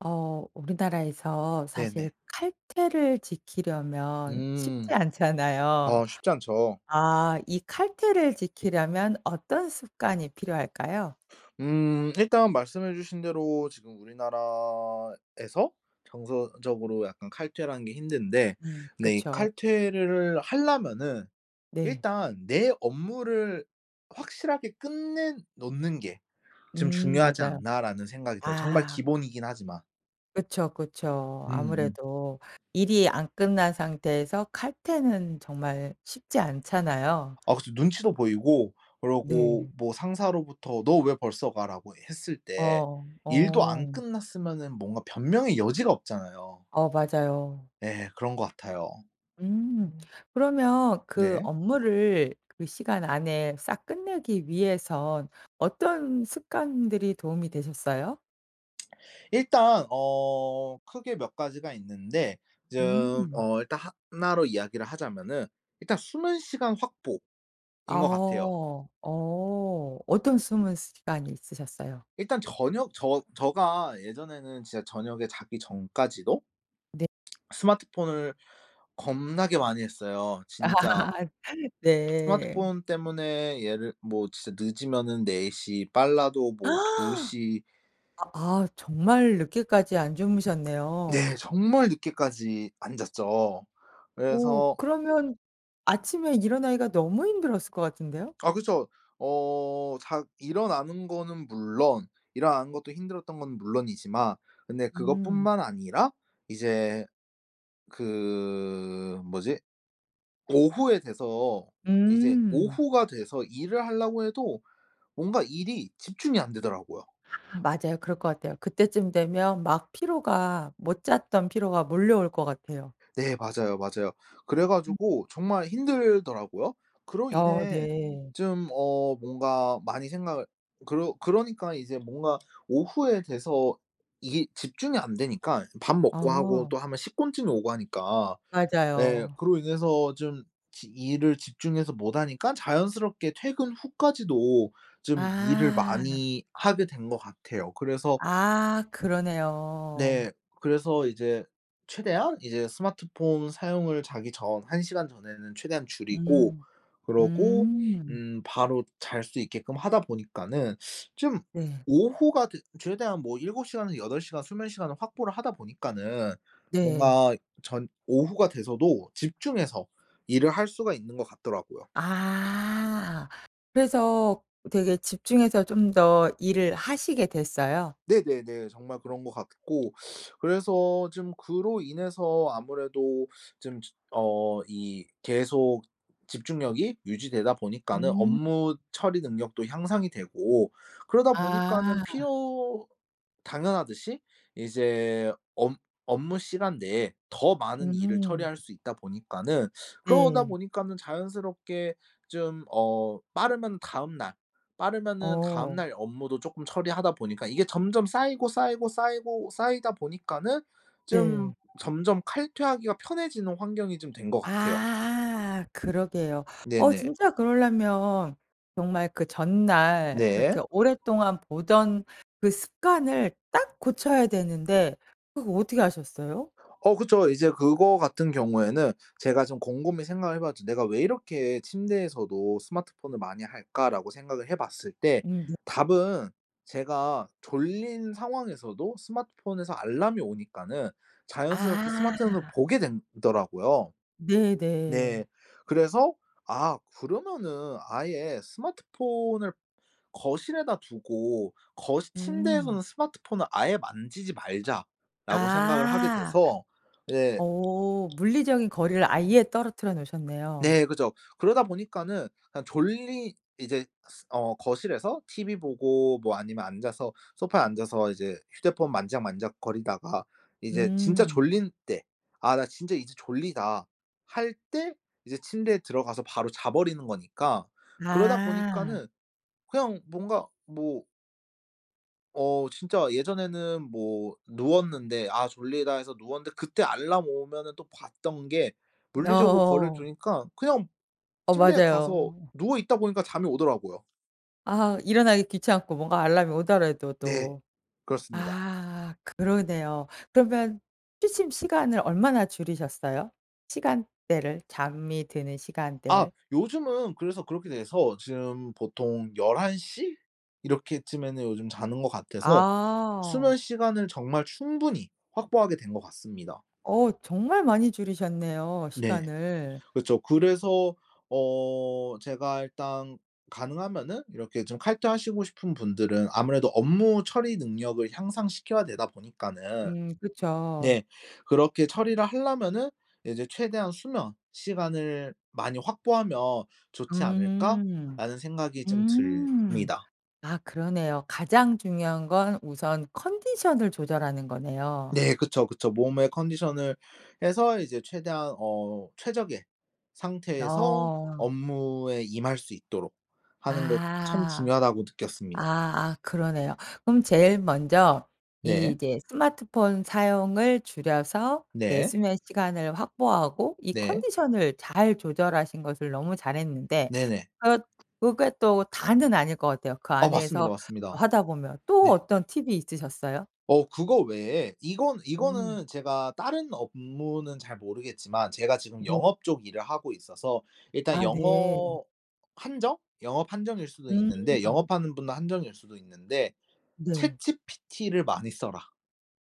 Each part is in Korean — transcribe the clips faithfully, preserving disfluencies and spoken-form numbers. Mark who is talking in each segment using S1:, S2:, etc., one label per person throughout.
S1: 어. 우리나라에서 사실
S2: 네네.
S1: 칼퇴를 지키려면 쉽지
S2: 음. 아
S1: 않잖아요.
S2: 쉽지 않죠.
S1: 아 이 칼퇴를 지키려면 어떤 습관이 필요할까요?
S2: 음. 일단 말씀해 주신 대로 지금 우리나라에서 정서적으로 약간 칼퇴를 하는 게 힘든데
S1: 음.
S2: 근데 이
S1: 그쵸.
S2: 칼퇴를 하려면은
S1: 네.
S2: 일단 '내 업무를 확실하게 끝내 놓는 게 좀
S1: 음
S2: 중요하지
S1: 맞아요.
S2: 않나.'라는 생각이 들어요, 정말
S1: 아.
S2: 기본이긴 하지만.
S1: 그쵸 그쵸.
S2: 음 음.
S1: 아무래도 일이 안 끝난 상태에서 칼퇴는 정말 쉽지 않잖아요.
S2: 아 그쵸. 눈치도 보이고 그러고
S1: 네.
S2: 뭐 상사로부터 "너 왜 벌써 가?"라고 했을 때
S1: 어.
S2: 일도 안
S1: 어.
S2: 끝났으면은 뭔가 변명의 여지가 없잖아요.
S1: 어 맞아요.
S2: 예. 그런 것 같아요.
S1: 음. 그러면 그
S2: 네.
S1: 업무를 그 시간 안에 싹 끝내기 위해선 어떤 습관들이 도움이 되셨어요?
S2: 일단 어, 크게 몇 가지가 있는데 좀
S1: 음.
S2: 어 일단 하나 로 이야기를 하자면은 일단 숨은 시간 확보인 거 같아요.
S1: 아어. 어. 어떤 숨은 시간이 있으셨어요?
S2: 일단 저녁 저 저가 예전에는 진짜 저녁에 자기 전까지도
S1: 네.
S2: 스마트폰을 겁나게 많이 했어요, 진짜.
S1: 네.
S2: 스마트폰 때문에 예를 뭐 진짜 늦으면은 네 시 빨라도 뭐 두 시
S1: 아 정말 늦게까지 안
S2: 네,
S1: 주무셨네요.
S2: 정말 늦게까지 안 잤죠.
S1: 오
S2: 그래서
S1: 그러면 아침에 일어나기가 너무 힘들었을 것 같은데요?
S2: 아 그쵸. 어 자 일어나는 거는 물론 일어나는 것도 힘들었던 거는 물론이지만 근데
S1: 음.
S2: 그것뿐만 아니라 이제 그 뭐지? 오후에 돼서 이제
S1: 음.
S2: 오후가 돼서 일을 하려고 해도 뭔가 일이 집중이 안 되더라고요.
S1: 맞아요. 그럴 것 같아요. 그때쯤 되면 막 피로가 못 잤던 피로가 몰려올 것 같아요.
S2: 네. 맞아요, 맞아요. 그래
S1: 음.
S2: 가지고 정말 힘들더라고요. 그로
S1: 어
S2: 인해
S1: 네.
S2: 좀 어 뭔가 많이 생각을 그러 그러니까 이제 뭔가 오후에 돼서 이게 집중이 안 되니까 밥 먹고 하고 또
S1: 어.
S2: 하면 식곤증이 오고 하니까. 네
S1: 맞아요.
S2: 그로 인해서 좀 지 일을 집중해서 못 하니까 자연스럽게 퇴근 후까지도 좀 일을
S1: 아.
S2: 많이 하게 된 것 같아요. 그래서
S1: 아. 그러네요.
S2: 네. 그래서 이제 최대한 이제 스마트폰 사용을 자기 전 한 시간 전에는 최대한 줄이고
S1: 음.
S2: 그러고
S1: 음.
S2: 음 바로 잘 수 있게끔 하다 보니까는 좀
S1: 네.
S2: 오후가 됐 최대한 뭐 일곱 시간에서 여덟 시간 수면시간을 확보를 하다 보니까는
S1: 네.
S2: 뭔가 전 오후가 돼서도 집중해서 일을 할 수가 있는 것 같더라고요.
S1: 아. 그래서 되게 집중해서 좀 더 일을 하시게 됐어요?
S2: 네네네. 정말 그런 것 같고 그래서 좀 그로 인해서 아무래도 좀 즈 어 이 계속 집중력이 유지되다 보니까는
S1: 음.
S2: 업무 처리 능력도 향상이 되고 그러다 보니까는
S1: 아.
S2: 필요 당연하듯이 이제 업 업무 시간 내에 더 많은 일을
S1: 음.
S2: 처리할 수 있다 보니까는 그러다
S1: 네.
S2: 보니까는 자연스럽게 좀 어 빠르면 다음날, 빠르면은
S1: 어.
S2: 다음날 업무도 조금 처리하다 보니까 이게 점점 쌓이고, 쌓이고, 쌓이고, 쌓이다 보니까는 좀
S1: 네.
S2: 점점 칼퇴 하기가 편해지는 환경이 좀 된 것 같아요.
S1: 아. 그러게요. 어
S2: 네네.
S1: 진짜 그럴려면 정말 그 전날
S2: 네.
S1: 그렇게 오랫동안 보던 그 습관을 딱 고쳐야 되는데 그거 어떻게 하셨어요?
S2: 어 그쵸. 이제 그거 같은 경우에는 제가 좀 곰곰이 생각을 해 봤죠. '내가 왜 이렇게 침대에서도 스마트폰을 많이 할까?'라고 생각을 해 봤을 때
S1: 음 네.
S2: 답은 제가 졸린 상황에서도 스마트폰에서 알람이 오니까는 자연스럽게 스마트폰을
S1: 아.
S2: 보게 된 더라고요. 네.
S1: 네네.
S2: 그래서 아 그러면은 아예 스마트폰을 거실에다 두고 거시
S1: 음.
S2: '침대에서는 스마트폰을 아예 만지지 말자.'라고 생각을 하게
S1: 아.
S2: 돼서 이제
S1: 오 물리적인 거리를 아예 떨어뜨려 놓으셨네요.
S2: 네 그렇죠. 그러다 보니까는 그냥 졸리 이제 스 어 거실에서 티비 보고 뭐 아니면 앉아서 소파에 앉아서 이제 휴대폰 만지작만지작거리다가 이제 진짜
S1: 음.
S2: 졸릴 때 '아 나 진짜 이제 졸리다.' 할 때 이제 침대에 들어가서 바로 자버리는 거니까. 그러다
S1: 아.
S2: 보니까는 그냥 뭔가 뭐 어. 진짜 예전에는 뭐 누웠는데, '아 졸리다.' 해서 누웠는데 그때 알람 오면은 또 봤던 게 물리적으로 거리를
S1: 어.
S2: 두니까 그냥
S1: 어.
S2: 침대에 가서
S1: 맞아요.
S2: 누워 있다 보니까 잠이 오더라고요.
S1: 아. 일어나기 귀찮고 뭔가 알람이 오더라도
S2: 네.
S1: 또.
S2: 그렇습니다.
S1: 아. 그러네요. 그러면 취침 시간을 얼마나 줄이셨어요? 시간대를, 잠이 드는
S2: 아.
S1: 시간대를?
S2: 요즘은 그래서 그렇게 돼서 지금 보통 열한 시 이렇게쯤에는 요즘 자는 것 같아서 수면
S1: 아.
S2: 시간을 정말 충분히 확보하게 된 것 같습니다.
S1: 어. 정말 많이 줄이셨네요
S2: 네.
S1: 시간을.
S2: 그쵸. 그래서 어 제가 일단 가능하면은 이렇게 좀 칼퇴하시고 싶은 분들은 아무래도 업무 처리 능력을 향상시켜야 되다 보니까는
S1: 음. 그쵸.
S2: 네. 그렇게 처리를 하려면은 이제 '최대한 수면 시간을 많이 확보하면 좋지
S1: 음.
S2: 않을까?'라는 생각이 좀
S1: 음.
S2: 들니다.
S1: 아. 그러네요. 가장 중요한 건 우선 컨디션을 조절하는 거네요.
S2: 네. 그쵸, 그쵸. 몸의 컨디션을 해서 이제 최대한 어 '최적의 상태에서
S1: 어.
S2: 업무에 임할 수 있도록 하는 것 참
S1: 아.
S2: 중요하다.'고 느꼈습니다.
S1: 아아 그러네요. 그럼 제일 먼저
S2: 네.
S1: 이제 스마트폰 사용을 줄여서 내
S2: 네.
S1: 수면 시간을 확보하고 이
S2: 네.
S1: 컨디션을 잘 조절하신 것을 너무 잘했는데
S2: 네네.
S1: 그렇 그게 또 다는 아닐 것 같아요. 그
S2: 아. 맞습니다,
S1: 안에서 또
S2: 맞습니다.
S1: 하다 보면. 또
S2: 네.
S1: 어떤 팁이 있으셨어요?
S2: 어. 그거 외에 이건
S1: 음.
S2: 이거는 제가 다른 업무는 잘 모르겠지만 제가 지금
S1: 네.
S2: 영업 쪽 일을 하고 있어서 일단
S1: 아 네.
S2: 영업 한정? 영업 한정일 수도 있는데
S1: 음.
S2: 영업하는 분 한정일 수도 있는데
S1: 네.
S2: ChatGPT를 많이 써라.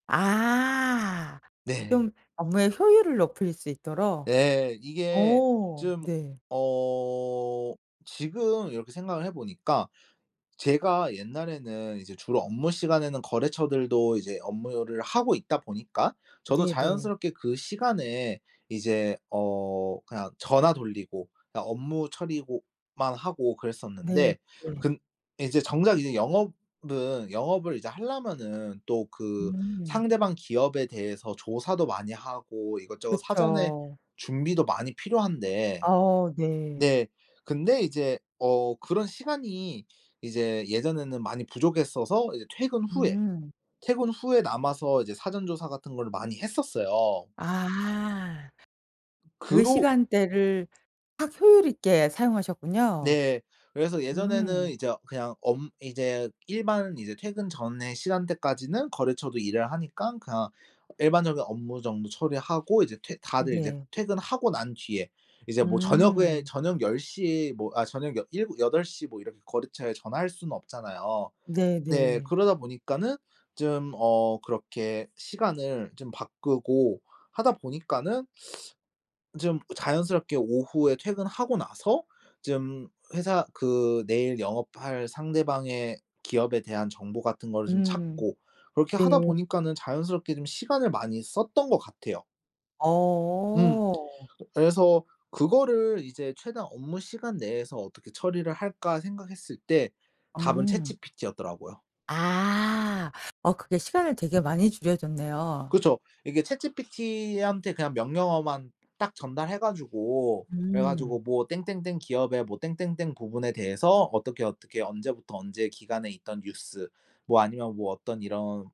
S1: 아.
S2: 네.
S1: 좀 업무의 효율을 높일 수 있도록?
S2: 네. 이게
S1: 어.
S2: 좀
S1: 네.
S2: 어 지금 이렇게 생각을 해 보니까 제가 옛날에는 이제 주로 업무 시간에는 거래처들도 이제 업무를 하고 있다 보니까 저도
S1: 네네.
S2: 자연스럽게 그 시간에 이제 어 그냥 전화 돌리고 그러니까 업무 처리고 만 하고
S1: 네.
S2: 그랬었는데
S1: 네.
S2: 근 이제 정작 이제 영업은 영업을 이제 하려면은 또 그
S1: 음.
S2: 상대방 기업에 대해서 조사도 많이 하고 이것저것 사전에
S1: 그쵸.
S2: 준비도 많이 필요한데
S1: 어 네.
S2: 네. 근데 이제 어 그런 시간이 이제 예전에는 많이 부족했어서 이제 퇴근 후에
S1: 음.
S2: 퇴근 후에 남아서 이제 사전 조사 같은 거를 많이 했었어요.
S1: 아. 그
S2: 그로
S1: 시간대를 확 효율 있게 사용하셨군요.
S2: 네. 그래서 예전에는
S1: 음.
S2: 이제 어 그냥 엄 이제 일반 이제 퇴근 전에 시간대까지는 거래처도 일을 하니깐 그냥 일반적인 업무 정도 처리하고 이제 퇴 다들 이제
S1: 네.
S2: 퇴근하고 난 뒤에 이제 뭐 저녁에
S1: 음.
S2: 저녁 열 시에 뭐 아 저녁 여 일고 여덟 시 뭐 이렇게 거래처에 전화할 수는 없잖아요. 네.
S1: 네네.
S2: 그러다 보니까는 좀 어 그렇게 시간을 좀 바꾸고 하다 보니까는 좀 자연스럽게 오후에 퇴근하고 나서 좀 회사 그 내일 영업할 상대방의 기업에 대한 정보 같은 거를 좀
S1: 음.
S2: 찾고 그렇게 하다
S1: 네.
S2: 보니까는 자연스럽게 좀 시간을 많이 썼던 것 같아요. 음.
S1: 어.
S2: 그래서 그거를 이제 '최대한 업무시간 내에서 어떻게 처리를 할까?' 생각했을 때 답은
S1: 음.
S2: ChatGPT였더라고요.
S1: 아. 어. 그게 시간을 되게 많이 줄여 줬네요.
S2: 그쵸. 이게 ChatGPT한테 그냥 명령어만 딱 전달해 가지고 그래
S1: 음.
S2: 가지고 뭐 "땡땡땡 기업의 뭐 땡땡땡 부분에 대해서 어떻게 어떻게 언제부터 언제 기간에 있던 뉴스 뭐 아니면 뭐 어떤 이런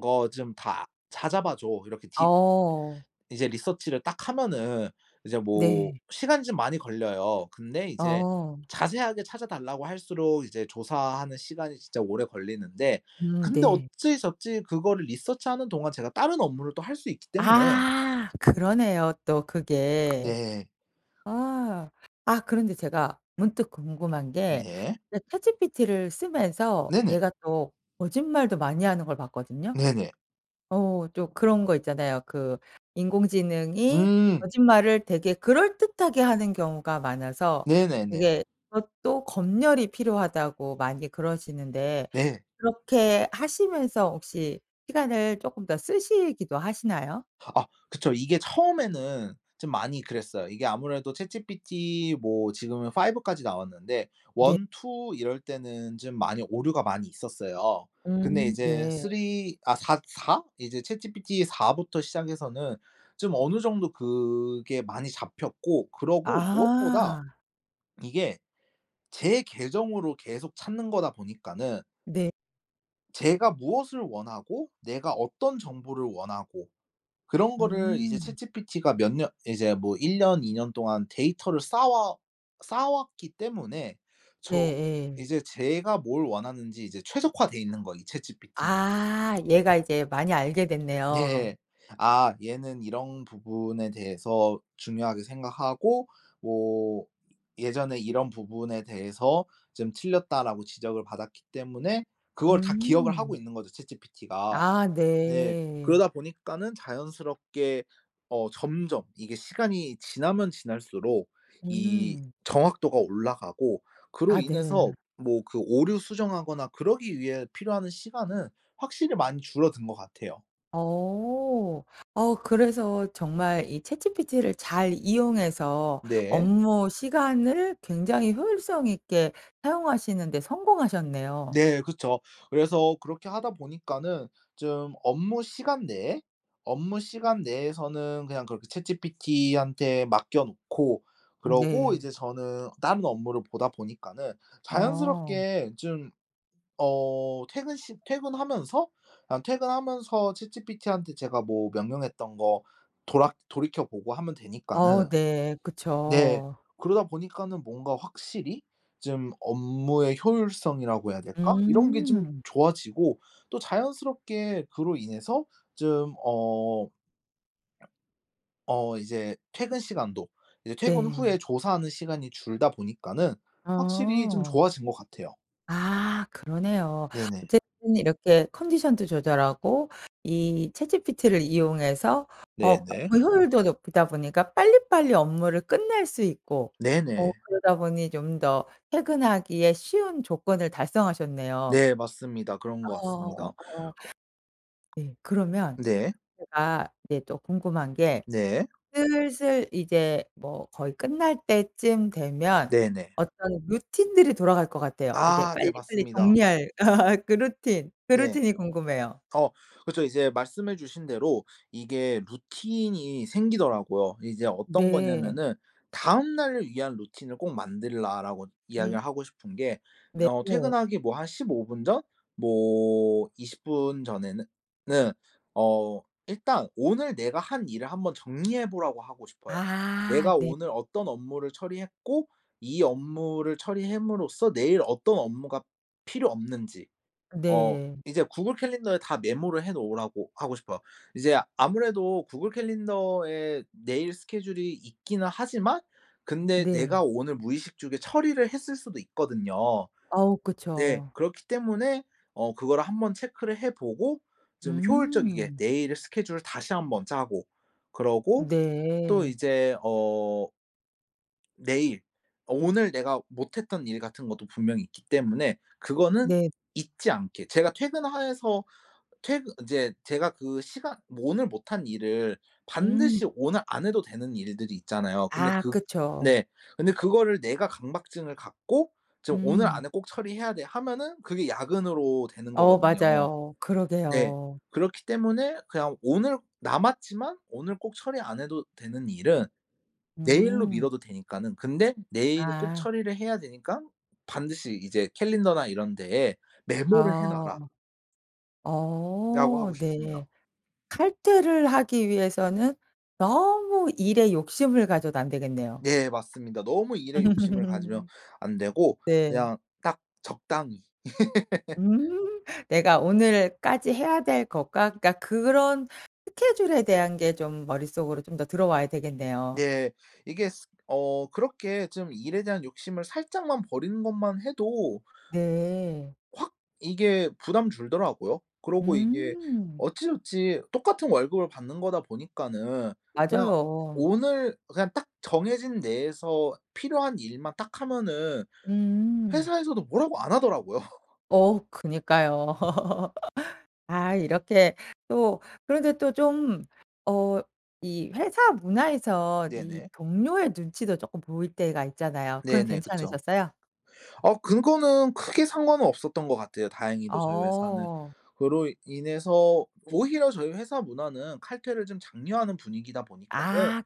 S2: 거 좀 다 찾아 봐 줘." 이렇게 디
S1: 어.
S2: 이제 research를 딱 하면은 이제 뭐
S1: 네.
S2: 시간이 좀 많이 걸려요. 근데 이제
S1: 어.
S2: 자세하게 찾아 달라고 할수록 이제 조사하는 시간이 진짜 오래 걸리는데
S1: 음.
S2: 근데
S1: 네.
S2: 어찌저찌 그거를 research하는 동안 제가 다른 업무를 또 할 수 있기 때문에
S1: 아. 그러네요 또 그게.
S2: 네.
S1: 아. 아 그런데 제가 문득 궁금한 게
S2: 네.
S1: 이제 ChatGPT를 쓰면서
S2: 네네.
S1: 얘가 또 거짓말도 많이 하는 걸 봤거든요.
S2: 네네.
S1: 어 또 그런 거 있잖아요. 그 "인공지능이
S2: 음.
S1: 거짓말을 되게 그럴듯하게 하는 경우가 많아서
S2: 네네네.
S1: 되게 그것도 검열이 필요하다."고 많이 그러시는데
S2: 네.
S1: 그렇게 하시면서 혹시 시간을 조금 더 쓰시기도 하시나요?
S2: 아. 그쵸. 이게 처음에는 좀 많이 그랬어요. 이게 아무래도 ChatGPT 뭐 지금은 five 까지 나왔는데
S1: 네.
S2: one two 이럴 때는 좀 많이 오류가 많이 있었어요. 근데
S1: 음.
S2: 이제
S1: 네.
S2: three 아 사 사? 이제 ChatGPT 사 부터 시작해서는 좀 어느 정도 그게 많이 잡혔고 그러고 무엇보다
S1: 아.
S2: 이게 제 계정으로 계속 찾는 거다 보니까는
S1: 네.
S2: 제가 무엇을 원하고 내가 어떤 정보를 원하고 그런 거를 이제
S1: 음.
S2: ChatGPT가 몇 년 이제 뭐 일 년, 이 년 동안 데이터를 쌓와 쌓아왔기 때문에 저
S1: 네예.
S2: 이제 제가 뭘 원하는지 이제 최적화돼있는 거 이 ChatGPT는.
S1: 아 얘가 이제 많이 알게 됐네요.
S2: 네. 아 얘는 이런 부분에 대해서 중요하게 생각하고 뭐 예전에 이런 부분에 대해서 좀 틀렸다라고 지적을 받았기 때문에 그걸 다 기억을 하고
S1: 음.
S2: 있는 거죠 ChatGPT가.
S1: 아
S2: 네
S1: 네.
S2: 그러다 보니까는 자연스럽게 어 점점 이게 시간이 지나면 지날수록 이
S1: 음.
S2: 정확도가 올라가고 그로
S1: 아 네.
S2: 인해서 뭐 그 오류 수정하거나 그러기 위해 필요한 시간은 확실히 많이 줄어든 것 같아요.
S1: 어. 어 그래서 정말 이 ChatGPT를 잘 이용해서
S2: 네.
S1: 업무시간을 굉장히 효율성 있게 사용하시는데 성공하셨네요.
S2: 네 그쵸. 그래서 그렇게 하다 보니까는 좀 업무 시간 내에 업무 시간 내에서는 그냥 그렇게 ChatGPT한테 맡겨놓고 그러고
S1: 네.
S2: 이제 저는 다른 업무를 보다 보니까는
S1: 어.
S2: 자연스럽게 좀 어 퇴근 시 퇴근하면서 그냥 퇴근하면서 ChatGPT한테 제가 뭐 명령했던 거 돌아 돌이켜보고 하면
S1: 어
S2: 되니까는
S1: 네.
S2: 네
S1: 그쵸.
S2: 그러다 보니까는 뭔가 확실히 좀 업무의 효율성이라고 해야 될까 이런 게 좀
S1: 음.
S2: 좋아지고 또 자연스럽게 그로 인해서 좀 어 어 이제 퇴근 시간도 이제 퇴근
S1: 네.
S2: 후에 조사하는 시간이 줄다 보니까는 확실히 좀
S1: 어.
S2: 좋아진 것 같아요.
S1: 아 그러네요.
S2: 네네.
S1: 어쨌든 이렇게 컨디션도 조절하고 이 ChatGPT를 이용해서 업무
S2: 네네.
S1: 효율도 높이다 보니까 빨리빨리 업무를 끝낼 수 있고 어
S2: 네네.
S1: 그러다 보니 좀 더 퇴근하기에 쉬운 조건을 달성하셨네요.
S2: 네. 맞습니다. 그런 것 같습니다.
S1: 어. 네. 그러면
S2: 네.
S1: 제가 이제 또 궁금한 게
S2: 네.
S1: 슬슬 이제 뭐 거의 끝날 때쯤 되면
S2: 네네.
S1: 어떤 루틴들이 돌아갈 것 같아요. 이제
S2: 아. 네.
S1: 빨리빨리
S2: 맞습니다.
S1: 정리할 그 루틴. 그
S2: 네.
S1: 루틴이 궁금해요.
S2: 어. 그쵸. 이제 말씀해 주신 대로 이게 루틴이 생기더라고요. 이제 어떤
S1: 네.
S2: 거냐면은 "다음 날을 위한 루틴을 꼭 만들라."라고 이야기를
S1: 음.
S2: 하고 싶은 게
S1: 네.
S2: 어
S1: 네.
S2: 퇴근하기 뭐 한 십오 분 전? 뭐 이십 분 전에는 는 어 일단 오늘 내가 한 일을 한번 정리해 보라고 하고 싶어요.
S1: 아.
S2: 내가
S1: 네.
S2: 오늘 어떤 업무를 처리했고 이 업무를 처리햄으로써 내일 어떤 업무가 필요 없는지 어
S1: 네.
S2: 이제 구글 캘린더에 다 메모를 해 놓으라고 하고 싶어요. 이제 아무래도 구글 캘린더에 내일 스케줄이 있기는 하지만 근데
S1: 네.
S2: 내가 오늘 무의식중에 처리를 했을 수도 있거든요.
S1: 어.
S2: 네.
S1: 그쵸.
S2: 그렇기 때문에 어 그거를 한번 체크를 해 보고 좀 효율적이게
S1: 음.
S2: 내일의 스케줄을 다시 한번 짜고 그러고 또
S1: 네.
S2: 이제 어 내일 어 오늘 내가 못했던 일 같은 것도 분명히 있기 때문에 그거는
S1: 네.
S2: 잊지 않게 제가 퇴근 하 해서 퇴근 인제 제가 그 시간 뭐 오늘 못한 일을
S1: 음.
S2: 반드시 오늘 안 해도 되는 일들이 있잖아요. 근데
S1: 아.
S2: 그
S1: 그쵸.
S2: 네. 근데 그거를 내가 강박증을 갖고 "지금 오늘
S1: 음.
S2: 안에 꼭 처리해야 돼." 하면은 그게 야근으로 되는
S1: 어.
S2: 거거든요.
S1: 맞아요.
S2: 네.
S1: 그러게요.
S2: 그렇기 때문에 그냥 오늘 남았지만 오늘 꼭 처리 안 해도 되는 일은 내일로
S1: 음.
S2: 미뤄도 되니까는 근데 내일 꼭
S1: 아.
S2: 처리를 해야 되니깐 반드시 이제 "캘린더나 이런 데에 메모를 해
S1: 어.
S2: 놔라." 라고
S1: 어.
S2: 하고 싶습니다.
S1: 네. 칼퇴를 하기 위해서는 너무 일에 욕심을 가져도 안 되겠네요.
S2: 네. 맞습니다. 너무 일에 욕심을 가지면 안 되고
S1: 네.
S2: 그냥 딱 적당히.
S1: 내가 오늘까지 해야 될 것과 그러니까 그런 스케줄에 대한 게 좀 머릿속으로 좀 더 들어와야 되겠네요.
S2: 네. 이게 스 어 그렇게 좀 일에 대한 욕심을 살짝만 버리는 것만 해도
S1: 네.
S2: 확 이게 부담 줄더라고요. 그러고 이게
S1: 음.
S2: 어찌저찌 똑같은 월급을 받는 거다 보니까는 그냥
S1: 맞아요.
S2: 오늘 그냥 딱 정해진 내에서 필요한 일만 딱 하면은
S1: 음.
S2: 회사에서도 뭐라고 안 하더라고요.
S1: 어 그니까요. 아 이렇게 또 그런데 또 좀 어 이 회사 문화에서 이
S2: 네네.
S1: 동료의 눈치도 조금 보일 때가 있잖아요. 그건
S2: 네네. 그쵸.
S1: 괜찮으셨어요?
S2: 아 그거는 크게 상관은 없었던 것 같아요, 다행히도 저희 회사는.
S1: 어.
S2: 그로 인해서 오히려 저희 회사 문화는 칼퇴를 좀 장려하는 분위기다 보니까는
S1: 아.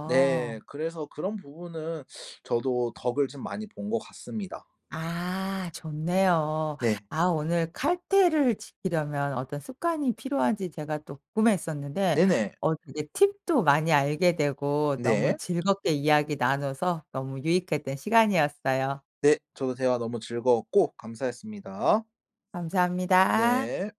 S2: 네, 그래서 그런 부분은 저도 덕을 좀 많이 본 것 같습니다.
S1: 아. 좋네요.
S2: 네.
S1: 아 오늘 칼퇴를 지키려면 어떤 습관이 필요한지 제가 또 궁금했었는데
S2: 네네.
S1: 어 되게 팁도 많이 알게 되고 너무
S2: 네.
S1: 즐겁게 이야기 나눠서 너무 유익했던 시간이었어요.
S2: 네. 저도 대화 너무 즐거웠고 감사했습니다.
S1: 감사합니다.
S2: 네.